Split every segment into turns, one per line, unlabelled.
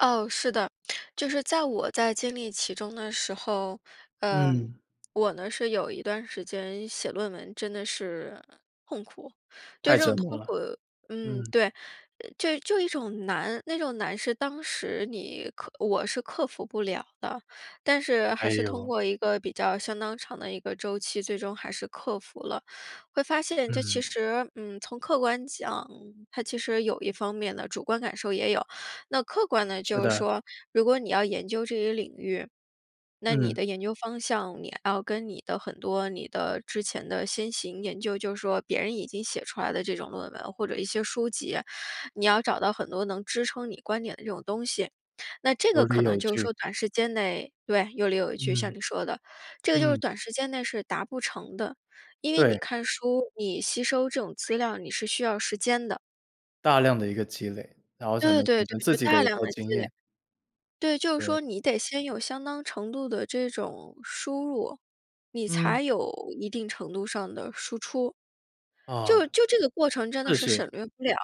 哦，是的，就是在我在经历其中的时候，呃，
嗯。
我呢是有一段时间写论文真的是痛苦。对
太
这
折
种
磨
痛
了，
苦嗯，
嗯。
对，就就一种难，那种难是当时你克我是克服不了的。但是
哎
还是通
哟。
过一个比较相当长的一个周期，最终还是克服了。会发现这其
嗯。
实，嗯，从客观讲，它其实有一方面的，主观感受也有。那客观的，
是
就是
的。
说，如果你要研究这一领域，那你
嗯。
的研究方向，你要跟你的很多你的之前的先行研究，就是说别人已经写出来的这种论文，或者一些书籍，你要找到很多能支撑你观点的这种东西。那这个
有
可
理
能
有
就是
据。
说短时间内对，有理有据，像
嗯，
你说的。这个就是
嗯。
短时间内是达不成的，因为你
对。
看书，你吸收这种资料，你是需要时间的。
大量的一个积累，然后才
对
能形
对对，
成自
就
己
大
的一
量
套
地
经
积累。
验。
对，就是
对。
说你得先有相当程度的这种输入，你
嗯。
才有一定程度上的输出。就
啊，
就这个过程真的
是
是省
是。
略不了。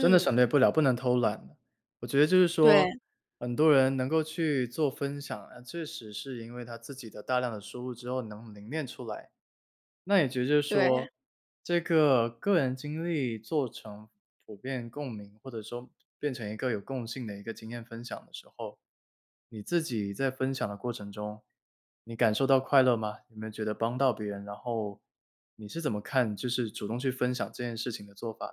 真的省略不了，不能偷懒。我觉得就是说，
对。
很多人能够去做分享，啊，确实是因为他自己的大量的输入之后能凝练出来。那也觉得就是
对。
说，这个个人经历做成普遍共鸣，或者说变成一个有共性的一个经验分享的时候，你自己在分享的过程中，你感受到快乐吗？你能觉得帮到别人，然后你是怎么看，就是主动去分享这件事情的做法的？